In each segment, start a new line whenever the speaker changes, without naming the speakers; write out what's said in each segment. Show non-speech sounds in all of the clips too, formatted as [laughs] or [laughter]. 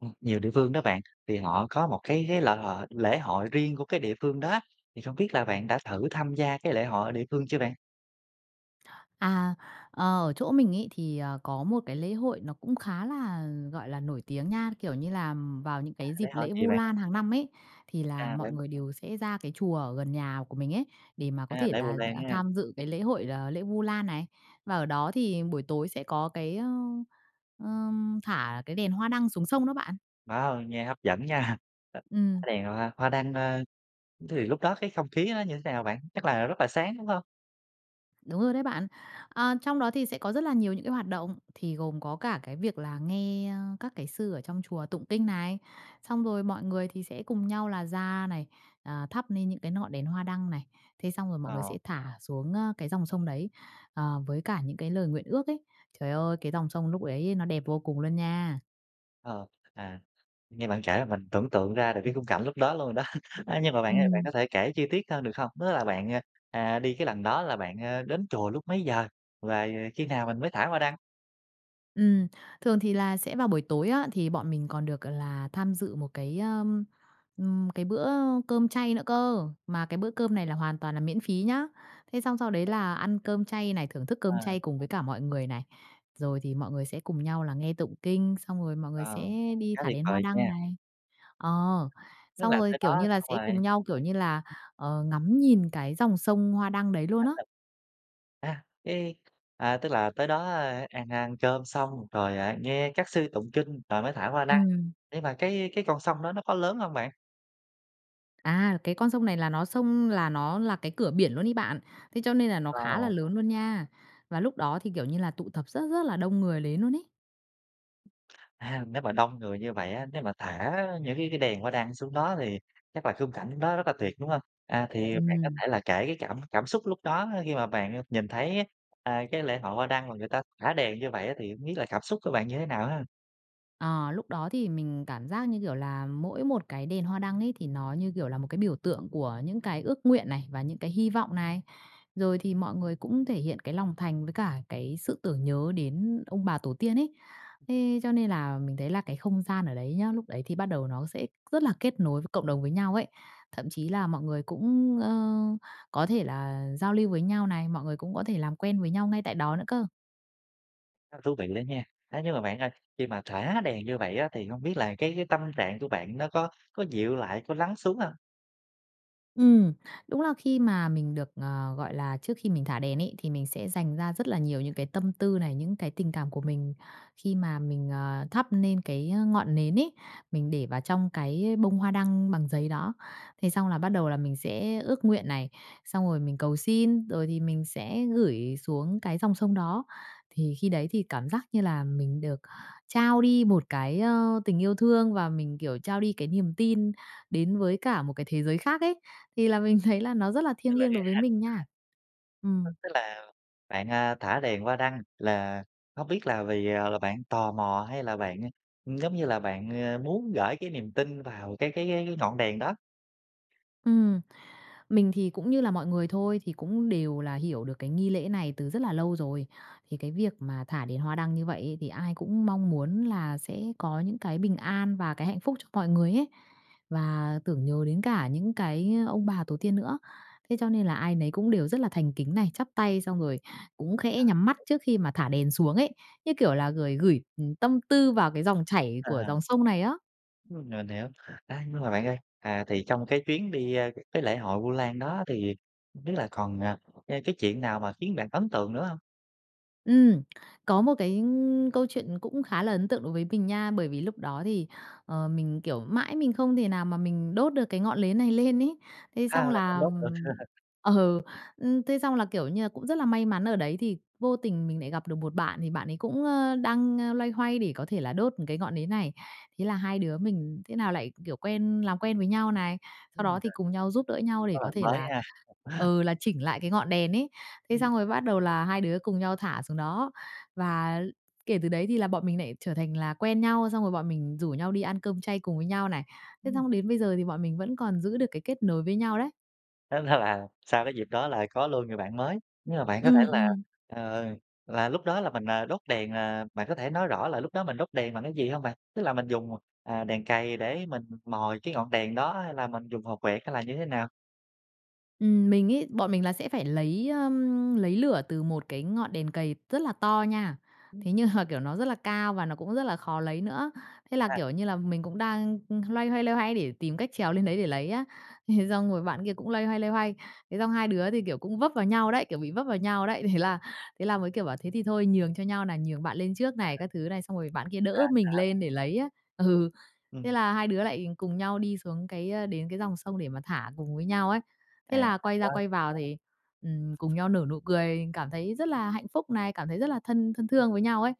Ừm, nhiều địa phương đó bạn, thì họ có một cái cái là lễ hội riêng của cái địa phương đó, thì không biết là bạn đã thử tham gia cái lễ hội ở địa phương chưa bạn?
À, ờ, ở chỗ mình ấy thì có một cái lễ hội nó cũng khá là, gọi là, nổi tiếng nha, kiểu như là, vào những
À,
cái
lễ
dịp
hội
lễ
gì
Vu
bạn?
Lan hàng năm ấy, thì là
À,
mọi
v
người đều sẽ ra cái chùa ở gần nhà của mình ấy, để mà có
À,
thể
Lễ
là,
Vu Lan
à,
ha.
tham dự cái lễ hội là lễ Vu Lan này. Và ở đó thì buổi tối sẽ có cái, ơ, ơ, thả cái đèn hoa đăng xuống sông đó bạn.
Má ơi, nghe hấp dẫn nha, thả
Ừm.
đèn hoa hoa đăng, ơ, thì lúc đó cái không khí nó như thế nào bạn? Chắc là rất là sáng, đúng hông?
Đúng rồi đấy bạn. À, trong đó thì sẽ có rất là nhiều những cái hoạt động, thì gồm có cả cái việc là nghe, ơ, các cái sư ở trong chùa tụng kinh này, xong rồi mọi người thì sẽ cùng nhau là ra này, à, thắp nên những cái ngọn đèn hoa đăng này. Thế xong rồi mọi người
Ờ.
sẽ thả xuống, ơ, cái dòng sông đấy, ờ, với cả những cái lời nguyện ước ấy. Trời ơi, cái dòng sông lúc đấy nó đẹp vô cùng luôn nha.
Ờ, à, nghe bạn kể là mình tưởng tượng ra được cái khung cảnh lúc đó luôn rồi đó. A, nhưng mà bạn ơi bạn
Ừm.
có thể kể chi tiết hơn, được không? Tức là bạn, ờ, đi cái lần đó là bạn, ơ, đến chùa lúc mấy giờ và khi nào mình mới thả hoa đăng?
Ừm, thường thì là sẽ vào buổi tối á, thì bọn mình còn được là tham dự một cái, ừm, cái bữa cơm chay nữa cơ, mà cái bữa cơm này là hoàn toàn là miễn phí nhá. Thế xong sau đấy
Vậy à?
là ăn cơm chay này, thưởng thức cơm
À.
chay cùng với cả mọi người này, rồi thì mọi người sẽ cùng nhau là nghe tụng kinh, xong rồi mọi người
Ờ,
sẽ đi
khá
thả
tuyệt
đèn hoa
vời
đăng
nha.
này ờ,
Tức
xong
là
rồi,
tới
kiểu
đó
như là,
xong
sẽ
rồi
cùng nhau, kiểu như là, ờ, ngắm nhìn cái dòng sông hoa đăng đấy luôn á.
[laughs] À, cái a, tức là tới đó ăn ăn cơm xong rồi, à, nghe các sư tụng kinh rồi mới thả hoa đăng,
Ừm.
nhưng mà cái cái con sông đó nó có lớn hông bạn?
À, cái con sông này là nó sông là nó là cái cửa biển luôn ấy bạn, thế cho nên là nó khá là
Wow!
lớn luôn nha, và lúc đó thì, kiểu như là, tụ tập rất, rất là đông người đến luôn ấy.
À, nếu mà đông người như vậy á, nếu mà thả những cái cái đèn hoa đăng xuống đó thì chắc là khung cảnh đó rất là tuyệt, đúng hông? À, thì bạn có
Ừm.
thể là kể cái cảm cảm xúc lúc đó khi mà bạn nhìn thấy, a, cái lễ hội hoa đăng mà người ta thả đèn như vậy á, thì hông biết là cảm xúc của bạn như thế nào ha?
Ờ. Lúc đó thì mình cảm giác như kiểu là mỗi một cái đèn hoa đăng ấy, thì nó như kiểu là một cái biểu tượng của những cái ước nguyện này, và những cái hy vọng này. Rồi thì mọi người cũng thể hiện cái lòng thành với cả cái sự tưởng nhớ đến ông bà tổ tiên ấy. Thế cho nên là mình thấy là cái không gian ở đấy nhớ, lúc đấy thì bắt đầu nó sẽ rất là kết nối với cộng đồng với nhau ấy. Thậm chí là mọi người cũng, ơ, có thể là giao lưu với nhau này, mọi người cũng có thể làm quen với nhau ngay tại đó nữa cơ.
Rất thú vị đó nha. A, nhưng mà bạn ơi, khi mà thả đèn như vậy á thì hông biết là cái cái tâm trạng của bạn nó có có dịu lại, có lắng xuống hông?
Ừm. Đúng là khi mà mình được, ờ, gọi là trước khi mình thả đèn ấy thì mình sẽ dành ra rất là nhiều những cái tâm tư này, những cái tình cảm của mình khi mà mình, ờ, thắp nên cái ngọn nến ấy, mình để vào trong cái bông hoa đăng bằng giấy đó. Thế xong là bắt đầu là mình sẽ ước nguyện này, xong rồi mình cầu xin, rồi thì mình sẽ gửi xuống cái dòng sông đó. Thì khi đấy thì cảm giác như là mình được trao đi một cái, ơ, tình yêu thương và mình, kiểu, trao đi cái niềm tin đến với cả một cái thế giới khác ấy. Thì là mình thấy là nó rất là
Tức
thiêng
là
liêng đối với mình
[unintelligible]
nha.
Tức
Ừm.
tức là bạn, a, thả đèn hoa đăng là không biết là vì, à, là bạn tò mò, hay là bạn, ưm, giống như là, bạn, ơ, muốn gởi cái niềm tin vào cái cái cái cái ngọn đèn đó?
Ừm. Mình thì cũng như là mọi người thôi, thì cũng đều là hiểu được cái nghi lễ này từ rất là lâu rồi. Thì cái việc mà thả đèn hoa đăng như vậy ấy thì ai cũng mong muốn là sẽ có những cái bình an và cái hạnh phúc cho mọi người ấy, và tưởng nhớ đến cả những cái, ơ, ông bà tổ tiên nữa, thế cho nên là ai nấy cũng đều rất là thành kính này, chắp tay xong rồi cũng khẽ nhắm mắt
[unintelligible]
trước khi mà thả đèn xuống ấy, như kiểu là, gửi gửi, ừm, tâm tư vào cái dòng chảy của
À.
dòng sông này á.
Ừm, mình hiểu. Ê, nhưng mà bạn ơi, à, thì trong cái chuyến đi, a, cái lễ hội Vu Lan đó thì không biết là còn, ê, cái chuyện nào mà khiến bạn ấn tượng nữa hông?
Ừm, có một cái, ưm, câu chuyện cũng khá là ấn tượng đối với mình nha, bởi vì lúc đó thì, ờ, mình, kiểu, mãi mình không thể nào mà mình đốt được cái ngọn nến này lên ấy, thế
A,
xong
là không
là,
đốt được.
ừm
[laughs]
ờ, ưm, thế xong là, kiểu như là, cũng rất là may mắn ở đấy thì vô tình mình lại gặp được một bạn, thì bạn ấy cũng, ơ, đang loay hoay để có thể là đốt một cái ngọn nến này. Thế là hai đứa mình thế nào lại, kiểu, quen làm quen với nhau này, sau đó
Ừm,
thì
rồi.
cùng nhau giúp đỡ nhau để
Có
có
bạn
thể
mới
là
ha! [laughs]
ờ, là chỉnh lại cái ngọn đèn ấy, thế
Ừm.
xong rồi bắt đầu là hai đứa cùng nhau thả xuống đó. Và kể từ đấy thì là bọn mình lại trở thành là quen nhau, xong rồi bọn mình rủ nhau đi ăn cơm chay cùng với nhau này, thế
Ừm.
xong đến bây giờ thì bọn mình vẫn còn giữ được cái kết nối với nhau đấy.
Tức là sau cái dịp đó là có luôn người bạn mới. Nhưng mà bạn có thể
Ừm,
là,
ừm.
ờ, là lúc đó là mình, ờ, đốt đèn, ờ, bạn có thể nói rõ là lúc đó mình đốt đèn bằng cái gì hông bạn? Tức là mình dùng, à, đèn cày để mình mồi cái ngọn đèn đó? Hay là mình dùng hộp quẹt, hay là như thế nào?
Ừm, mình ấy, bọn mình là sẽ phải lấy, ưm, lấy lửa từ một cái ngọn đèn cầy rất là to nha,
Ừm.
thế nhưng mà, kiểu, nó rất là cao và nó cũng rất là khó lấy nữa. Thế là,
À.
kiểu như là, mình cũng đang, ưm, loay hoay, loay hoay để tìm cách trèo lên đấy để lấy á, thế xong rồi bạn kia cũng loay hoay, loay hoay, thế xong hai đứa thì, kiểu, cũng vấp vào nhau đấy, kiểu bị vấp vào nhau đấy. Thế là thế là mới, kiểu, bảo thế thì thôi nhường cho nhau này, nhường bạn lên trước
À.
này, các thứ này, xong rồi bạn kia đỡ
À
mình
[unintelligible]
lên để lấy á ừ. Thế
Ừm.
là hai đứa lại cùng nhau đi xuống cái, ơ đến cái dòng sông để mà thả cùng với nhau ấy, thế
À.
là quay ra
[unintelligible]
quay vào thì, ừm, cùng nhau nở nụ cười cảm thấy rất là hạnh phúc này, cảm thấy rất là thân thân thương với nhau ấy.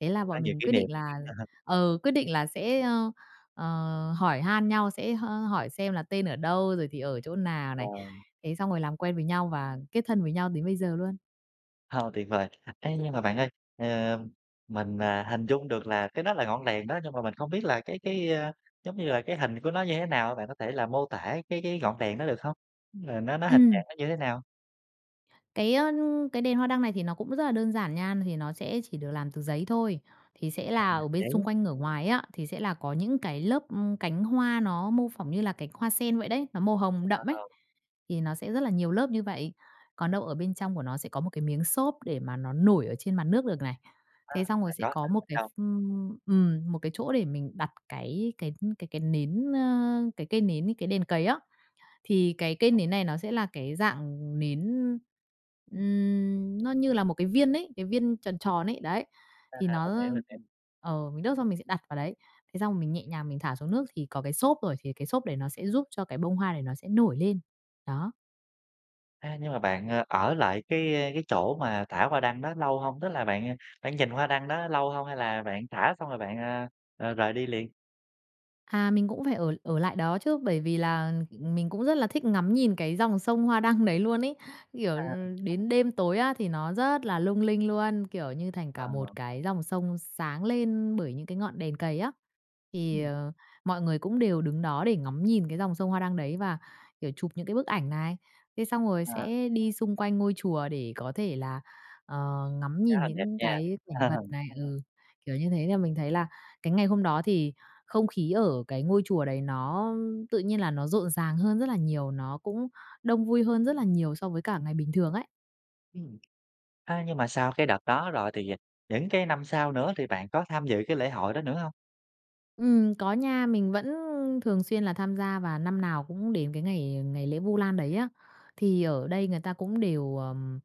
Thế là
Có
bọn
nhiều
mình
kỷ
quyết
niệm.
định là
[chuckles]
ờ, quyết định là sẽ, ơ, ờ, hỏi han nhau, sẽ h hỏi xem là tên ở đâu, rồi thì ở chỗ nào
Ờ.
này, thế xong rồi làm quen với nhau và kết thân với nhau đến bây giờ luôn.
Ờ, tuyệt vời. Ấy, nhưng mà bạn ơi, ờ, mình, ờ, hình dung được là cái đó là ngọn đèn đó, nhưng mà mình không biết là cái cái, ơ, giống như là, cái hình của nó như thế nào? Bạn có thể là mô tả cái cái ngọn đèn đó được không? Là nó nó hình dạng
Ừm.
nó như thế nào?
Cái, ơ, cái đèn hoa đăng này thì nó cũng rất là đơn giản nha. Thì nó sẽ chỉ được làm từ giấy thôi, thì sẽ
À,
là
bằng
ở bên xung
giấy.
quanh ngửa ngoài á, thì sẽ là có những cái lớp cánh hoa nó mô phỏng như là cánh hoa sen vậy đấy, nó màu hồng đậm ấ,
Wow.
thì nó sẽ rất là nhiều lớp như vậy. Còn đâu ở bên trong của nó sẽ có một cái miếng xốp để mà nó nổi ở trên mặt nước được này.
À,
Thế xong rồi
phải
sẽ
có
có
xốp
một
bên
cái
trong.
ph ừm, một cái chỗ để mình đặt cái cái cái cái nến, ơ, cái cây nến, cái đèn cày á. Thì cái cây nến này nó sẽ là cái dạng nến, ừm, nó như là một cái viên ấy, cái viên tròn tròn ấy, đấy,
À,
thì
mình
nó,
hiểu, mình hiểu.
ờ, mình đốt xong mình sẽ đặt vào đấy. Thế xong rồi mình nhẹ nhàng mình thả xuống nước thì có cái xốp rồi thì cái xốp này nó sẽ giúp cho cái bông hoa này nó sẽ nổi lên. Đó.
À, nhưng mà bạn ở lại cái cái chỗ mà thả hoa đăng đó lâu hông? Tức là bạn bạn nhìn hoa đăng đó lâu hông hay là bạn thả xong rồi bạn, a, ờ, rời đi liền?
À, mình cũng phải ở ở lại đó chứ, bởi vì là, ừm, mình cũng rất là thích ngắm nhìn cái dòng sông hoa đăng đấy luôn ấy. Kiểu,
À.
đến đêm tối á thì nó rất là lung linh luôn, kiểu, như thành cả một
À.
cái dòng sông sáng lên bởi những cái ngọn đèn cày á. Thì,
Ừm.
ờ, mọi người cũng đều đứng đó để ngắm nhìn cái dòng sông hoa đăng đấy và, kiểu, chụp những cái bức ảnh này. Thế xong rồi
À.
sẽ đi xung quanh ngôi chùa để có thể là, ờ, ngắm
Khá
nhìn
là đẹp
những
nha.
cái cảnh
Ờ.
vật này ừ, kiểu như thế, nên mình thấy là cái ngày hôm đó thì không khí ở cái ngôi chùa đấy, nó tự nhiên là nó rộn ràng hơn rất là nhiều, nó cũng đông vui hơn rất là nhiều so với cả ngày bình thường ấy.
Ừm. A, nhưng mà sau cái đợt đó rồi thì những cái năm sau nữa thì bạn có tham dự cái lễ hội đó nữa hông?
Ừm, có nha, mình vẫn thường xuyên là tham gia, và năm nào cũng đến cái ngày ngày lễ Vu Lan đấy á, thì ở đây người ta cũng đều, ờm,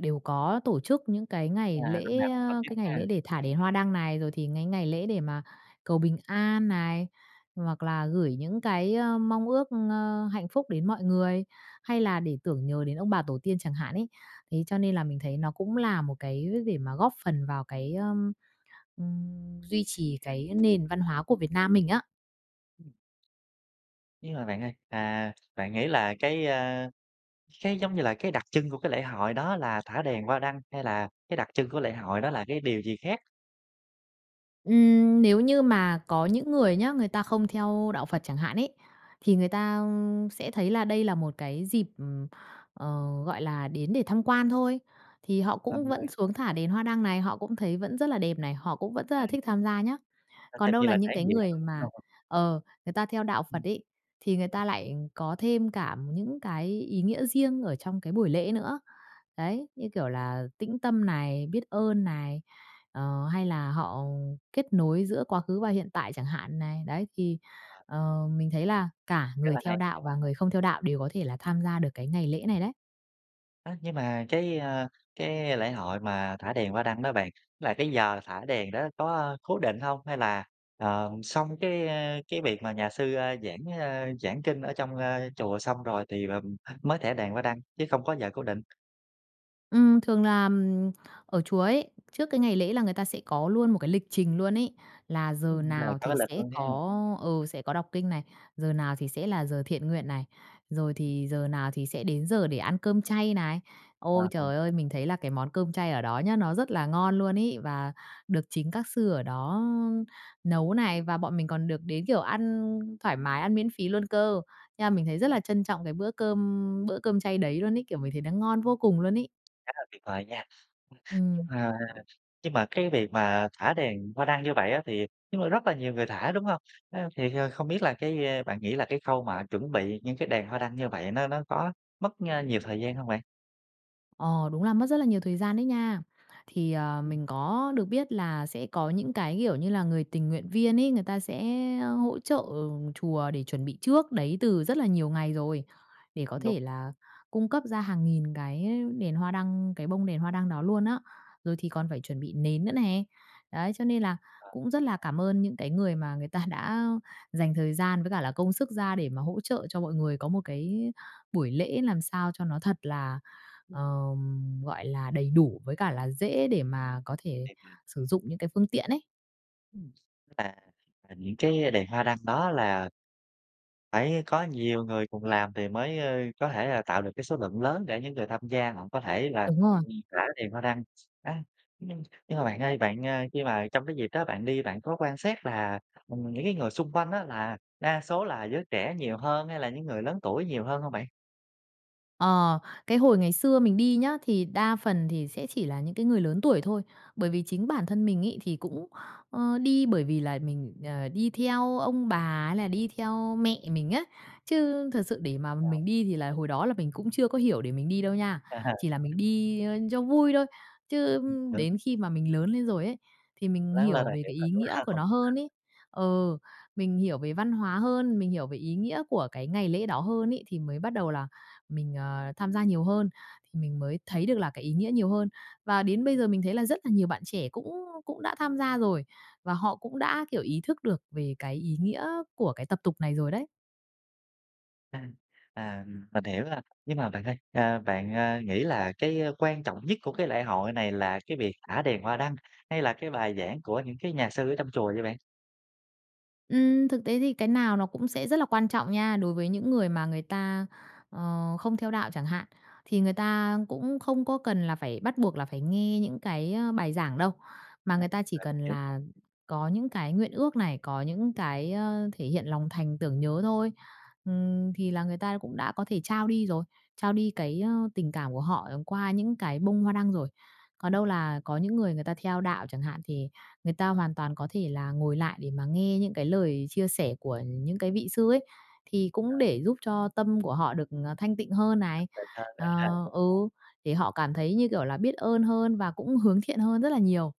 đều có tổ chức những cái
À,
ngày
năm
lễ,
nào cũng tổ
a,
chức
cái ngày
ha.
lễ để thả đèn hoa đăng này, rồi thì cái ngày lễ để mà cầu bình an này, hoặc là gửi những cái, ơ, mong ước, ơ, hạnh phúc đến mọi người, hay là để tưởng nhớ đến ông bà tổ tiên chẳng hạn ấy. Thế cho nên là mình thấy nó cũng là một cái để mà góp phần vào cái, ơ, ừm, duy trì cái nền văn hóa của Việt Nam mình á.
Ừm. Nhưng mà bạn ơi, à, bạn nghĩ là cái, ơ, cái giống như là cái đặc trưng của cái lễ hội đó là thả đèn hoa đăng hay là cái đặc trưng của lễ hội đó là cái điều gì khác?
Ừm, nếu như mà có những người nhá, người ta không theo đạo Phật chẳng hạn ấy, thì người ta sẽ thấy là đây là một cái dịp, ờ, gọi là, đến để tham quan thôi, thì họ
Tâm
cũng vẫn
an.
xuống thả đèn hoa đăng này, họ cũng thấy vẫn rất là đẹp này, họ cũng vẫn rất là
À.
thích tham gia nhá.
Ơ,
Còn
xem
đâu
như
là
là
những
trải
cái
nghiệm [unintelligible]
người
đúng
mà,
hông?
ờ, người ta theo đạo Phật
Ừm.
ấy, thì người ta lại có thêm cả những cái ý nghĩa riêng ở trong cái buổi lễ nữa. Đấy, như kiểu là tĩnh tâm này, biết ơn này, ờ, hay là họ kết nối giữa quá khứ và hiện tại chẳng hạn này. Đấy, thì,
À.
ờ, mình thấy là cả
Rất
người
là
theo
hay.
đạo và người không theo đạo đều có thể là tham gia được cái ngày lễ này đấy.
A, nhưng mà cái, ơ, cái lễ hội mà thả đèn hoa đăng đó bạn, là cái giờ thả đèn đó có, ơ, cố định hông? Hay là, ờm, xong cái, ơ, cái việc mà nhà sư, ơ, giảng, ơ, giảng kinh ở trong, ơ, chùa xong rồi thì là mới thả đèn hoa đăng, chứ không có giờ cố định?
Ừm, thường là, ừm, ở chùa ấy, trước cái ngày lễ là người ta sẽ có luôn một cái lịch trình luôn ấy, là giờ
Ừm, rồi,
nào
có cái
thì
lịch
sẽ
luôn ha.
có, ừ, sẽ có đọc kinh này, giờ nào thì sẽ là giờ thiện nguyện này, rồi
Ừm.
thì giờ nào thì sẽ đến giờ để ăn cơm chay này.
A,
Ôi
ừm.
trời ơi, mình thấy là cái món cơm chay ở đó nhá, nó rất là ngon luôn ấy, và được chính các sư ở đó nấu này, và bọn mình còn được đến, kiểu, ăn thoải mái, ăn miễn phí luôn cơ. Nha, mình thấy rất là trân trọng cái bữa cơm bữa cơm chay đấy luôn ấy, kiểu, mình thấy nó ngon vô cùng luôn ấy.
Khá là tuyệt vời nha. [sniffs] Nhưng
Ừm.
mà nhưng mà cái việc mà thả đèn hoa đăng như vậy á, thì nhưng mà rất là nhiều người thả, đúng hông? [sniffs] Ơ, thì kh không biết là cái, ơ, bạn nghĩ là cái khâu mà chuẩn bị những cái đèn hoa đăng như vậy nó nó có mất, ơ, nhiều thời gian hông bạn?
Ờ, đúng là mất rất là nhiều thời gian đấy nha. Thì, ờ,
Ừm.
mình có được biết là sẽ có những cái, kiểu như là, người tình nguyện viên ấy, người ta sẽ hỗ trợ chùa để chuẩn bị trước đấy từ rất là nhiều ngày rồi, để có
Đúng, đúng.
thể là cung cấp ra hàng nghìn cái đèn hoa đăng, cái bông đèn hoa đăng đó luôn á. Rồi thì còn phải chuẩn bị nến nữa nè, đấy, cho nên là
Ờ.
cũng rất là cảm ơn những cái người mà người ta đã dành thời gian với cả là công sức ra để mà hỗ trợ cho mọi người có một cái buổi lễ làm sao cho nó thật là,
Ừm.
ờm, gọi là, đầy đủ với cả là dễ để mà có thể
Thiệt hả?
sử dụng những cái phương tiện ấy.
Ừm, à, à, những cái đèn hoa đăng đó là phải có nhiều người cùng làm thì mới, ơ, có thể là tạo được cái số lượng lớn để những người tham gia họ có thể là,
Đúng rồi.
ừm, rải đèn hoa đăng. A, nhưng nhưng mà bạn ơi, bạn, ơ, khi mà trong cái dịp đó bạn đi bạn có quan sát là, ừm, những cái người xung quanh á là đa số là giới trẻ nhiều hơn hay là những người lớn tuổi nhiều hơn hông bạn?
Ờ, cái hồi ngày xưa mình đi nhá, thì đa phần thì sẽ chỉ là những cái người lớn tuổi thôi. Bởi vì chính
Ờ.
bản thân mình ấy thì cũng, ơ, đi bởi vì là mình, ờ, đi theo ông bà hay là đi theo mẹ mình á, chứ thật sự để mà mình
[unintelligible]
đi thì là hồi đó là mình cũng chưa có hiểu để mình đi đâu nha,
Ờ.
chỉ là mình đi cho vui thôi. Chứ đến
[unintelligible]
khi mà mình lớn lên rồi ấy, thì mình
Lớn lên
hiểu
là
về
hiểu
cái
rồi,
ý
đúng
nghĩa của
hông?
nó hơn ấy, ừ, mình hiểu về văn hóa hơn, mình hiểu về ý nghĩa của cái ngày lễ đó hơn ấy, thì mới bắt đầu là mình, ờ, tham gia nhiều hơn, thì mình mới thấy được là cái ý nghĩa nhiều hơn. Và đến bây giờ mình thấy là rất là nhiều bạn trẻ cũng cũng đã tham gia rồi, và họ cũng đã, kiểu, ý thức được về cái ý nghĩa của cái tập tục này rồi đấy.
À, à, ừm, mình hiểu rồi. Nhưng mà bạn ơi, a, bạn, a, nghĩ là cái quan trọng nhất của cái lễ hội này là cái việc thả đèn hoa đăng hay là cái bài giảng của những cái nhà sư ở trong chùa vậy bạn?
Ừm, thực tế thì cái nào nó cũng sẽ rất là quan trọng nha. Đối với những người mà người ta, ờ, không theo đạo chẳng hạn, thì người ta cũng không có cần là phải bắt buộc là phải nghe những cái, ơ, bài giảng đâu. Mà
À,
người
à,
ta chỉ cần
hiểu.
là có những cái nguyện ước này, có những cái, ơ, thể hiện lòng thành tưởng nhớ thôi. Ừm, thì là người ta cũng đã có thể trao đi rồi, trao đi cái, ơ, tình cảm của họ qua những cái bông hoa đăng rồi. Còn
Ừm.
đâu là có những người người ta theo đạo chẳng hạn, thì người ta hoàn toàn có thể là ngồi lại để mà nghe những cái lời chia sẻ của những cái vị sư ấy, thì cũng
À.
để giúp cho tâm của họ được, ờ, thanh tịnh hơn này.
Thanh tịnh hơn
Ờ,
[unintelligible]
ừ, để họ cảm thấy, như kiểu là, biết ơn hơn và cũng hướng thiện hơn rất là nhiều.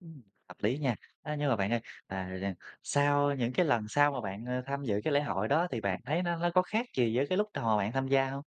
Ừm, hợp lý nha. Ơ, nhưng mà bạn ơi, ờ, r r sau những cái lần sau mà bạn, ờ, tham dự cái lễ hội đó thì bạn thấy nó nó có khác gì với cái lúc từ hồi bạn tham gia hông?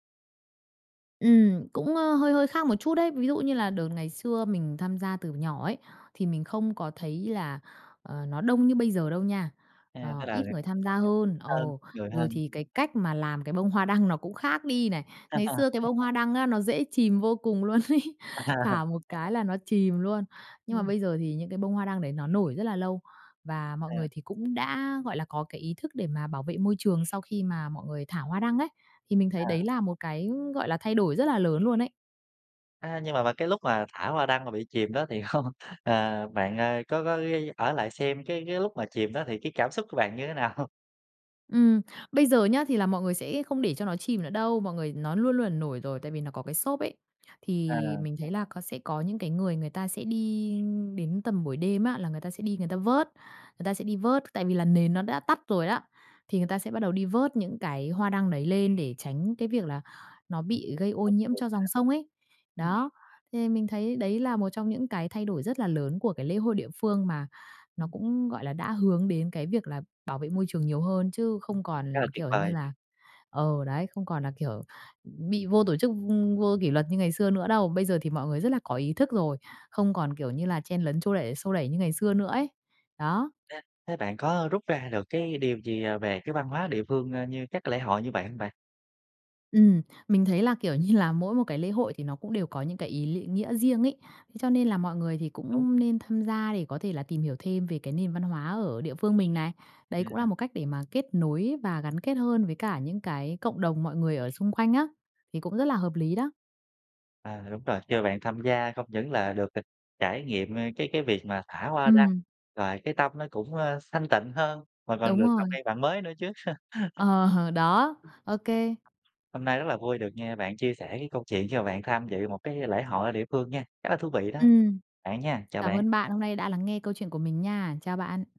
Ừm, cũng, ơ, hơi hơi khác một chút đấy. Ví dụ như là đợt ngày xưa mình tham gia từ nhỏ ấy, thì mình không có thấy là, ờ, nó đông như bây giờ đâu nha,
À,
ờ,
tức là
ít người tham gia
[unintelligible]
hơn. Ờ,
hơn, người
rồi
hơn.
thì cái cách mà làm cái bông hoa đăng nó cũng khác đi này. Ngày xưa cái
[laughs]
bông hoa đăng á nó dễ chìm vô cùng luôn ấy,
[laughs]
thả một cái là nó chìm luôn, nhưng mà
Ừm.
bây giờ thì những cái bông hoa đăng đấy nó nổi rất là lâu. Và mọi
À.
người thì cũng đã, gọi là, có cái ý thức để mà bảo vệ môi trường sau khi mà mọi người thả hoa đăng ấy. Thì mình thấy
À.
đấy là một cái, gọi là, thay đổi rất là lớn luôn ấy.
A, nhưng mà vào cái lúc mà thả hoa đăng mà bị chìm đó thì hông ờ, bạn, ơ, có có ghi ở lại xem cái cái lúc mà chìm đó thì cái cảm xúc của bạn như thế nào?
Ừm, bây giờ nhá thì là mọi người sẽ không để cho nó chìm nữa đâu. Mọi người nó luôn luôn, à, nổi rồi tại vì nó có cái xốp ấy, thì
À.
mình thấy là có sẽ có những cái người người ta sẽ đi đến tầm buổi đêm á là người ta sẽ đi người ta vớt. Người ta sẽ đi vớt, tại vì là nền nó đã tắt rồi đó, thì người ta sẽ bắt đầu đi vớt những cái hoa đăng đấy lên để tránh cái việc là nó bị gây ô nhiễm cho
[unintelligible]
dòng sông ấy.
Ừm.
Đó, thì mình thấy đấy là một trong những cái thay đổi rất là lớn của cái lễ hôi địa phương mà nó
Ừm.
cũng, gọi là, đã hướng đến cái việc là bảo vệ môi trường nhiều hơn, chứ không
Khá là
còn
tuyệt
kiểu như
vời.
là ờ, đấy, không còn là, kiểu, bị vô tổ chức, vô kỷ luật như ngày xưa nữa đâu. Bây giờ thì mọi người rất là có ý thức rồi, không còn, kiểu như là, chen lấn xô đẩy xô đẩy như ngày xưa nữa ấy. Đó.
Thế thế bạn có rút ra được cái điều gì về cái văn hóa địa phương, ơ, như các cái lễ hội như vậy hông bạn?
Ừm, mình thấy là, kiểu như là, mỗi một cái lễ hội thì nó cũng đều có những cái ý lị nghĩa riêng ấy. Thế cho nên là mọi người thì
Đúng.
cũng nên tham gia để có thể là tìm hiểu thêm về cái nền văn hóa ở địa phương mình này. Đấy cũng là
À.
một cách để mà kết nối và gắn kết hơn với cả những cái cộng đồng mọi người ở xung quanh á, thì cũng rất là hợp lý đó.
À, đúng rồi. Khi mà bạn tham gia không những là được, ờ, trải nghiệm, ơ, cái cái việc mà thả hoa đăng
Ừm.
rồi cái tâm nó cũng, ơ, xanh tịnh hơn mà còn
Đúng
được làm
rồi.
quen bạn mới nữa chứ.
Ờ, đó, ô
[laughs]
kê.
Hôm nay rất là vui được nghe bạn chia sẻ cái câu chuyện khi mà bạn tham dự một cái lễ hội ở địa phương nha. Rất là thú vị đó
Ừm.
bạn nha, chào
Cám
bạn.
ơn bạn hôm nay đã lắng nghe câu chuyện của mình nha. Chào bạn.